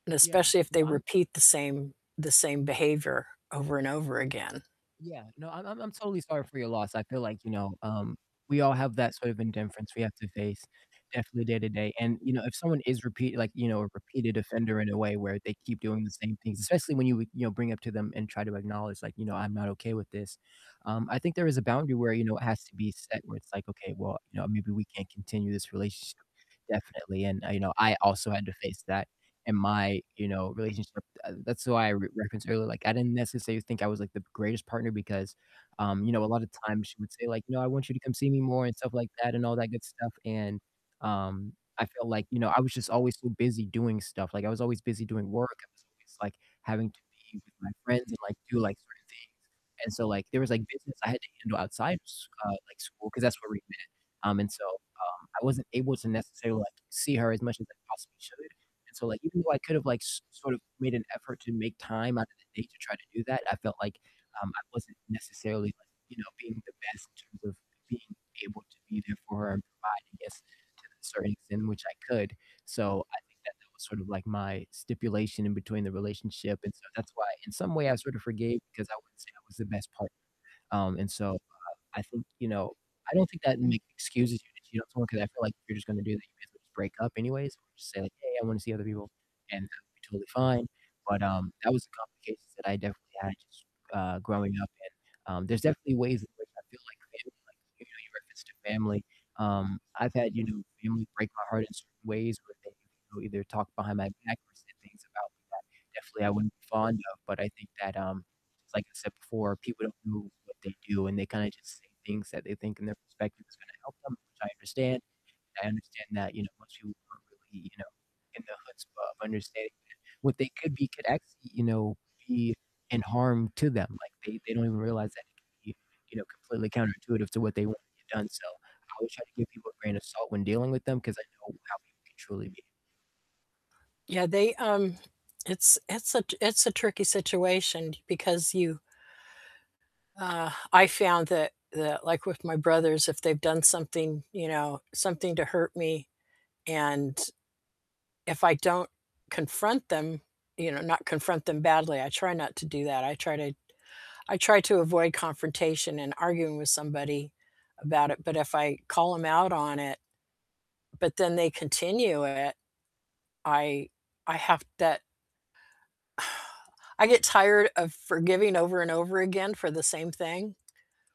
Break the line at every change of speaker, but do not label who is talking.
And
Yeah,
especially if
no,
they
I'm
repeat the same the same behavior over and over again.
Yeah, no, I'm I'm I'm totally sorry for your loss, I feel like, you know, um, we all have that sort of indifference we have to face definitely day to day, and, you know, if someone is repeat like, you know, a repeated offender in a way where they keep doing the same things, especially when you you know, bring up to them, and try to acknowledge, like, "You know, I'm not okay with this," um, I think there is a boundary where, you know, it has to be set where, it's like, okay, "Well, you know, maybe we can't continue this relationship," definitely, and, you know, I also had to face that in my, you know, relationship, uh, that's why I re reference her. Like, I didn't necessarily think I was, like, the greatest partner because, um, you know, a lot of times she would say like, "No, I want you to come see me more," and stuff like that, and all that good stuff, and, um, I feel like, you know, I was just always, so busy doing stuff, like, I was always busy doing work. I was always like having to be with my friends, and, like, do, like, certain things, and, so, like, there was, like, business I had to handle outside of sch uh, like, school 'cause that's where we met. Um, and, so, um, I wasn't able to necessarily, like, see her as much as I possibly should, and, so, like, even though I could have like so sort of made an effort to make time out of the day to try to do that, I felt like, um, I wasn't necessarily, like, you know, being the best in terms of being able to be there for her and provide I guess, to the certain extent which I could. So, I think that that was sort of like my stipulation in between the relationship. And, so, that's why in some way I sort of forgave because I wouldn't say I was the best partner, um, and so, uh, I think you know, I don't think that makes excuses if you cheat on someone 'cause I feel like, if you're just gonna do that, you guys will just break up anyways, or just say, like, "Hey, I wanna see other people," and that would be totally fine, but, um, that was a complication that I definitely had just, uh, growing up, and, um, there's definitely ways in which I feel, like, family, like, you know, you referenced to family, um, I've had, you know, family break my heart in certain ways where they, you know, either talk behind my back or say things about me that definitely I wouldn't be fond of. But I think that, um, just like I said before, people don't know what they do, and they kinda just say things that they think in their perspective is gonna help them, which I understand. I understand that, you know, most people aren't really, you know, in the chutzpah of understanding that what they could be could actually, you know, be in harm to them. Like they they don't even realize that it could be, you know, completely counterintuitive to what they want to get done, so, I always try to give people a grain of salt when dealing with them 'cause I know how people can truly be.
Yeah, they, um it's it's a t it's a tricky situation because you uh, I found that that, like, with my brothers, if they've done something, you know, something to hurt me, and if I don't confront them you know, not confront them badly, I try not to do that, I try to I try to avoid confrontation and arguing with somebody about it, but if I call 'em out on it, but then they continue it, I I have that I get tired of forgiving over and over again for the same thing.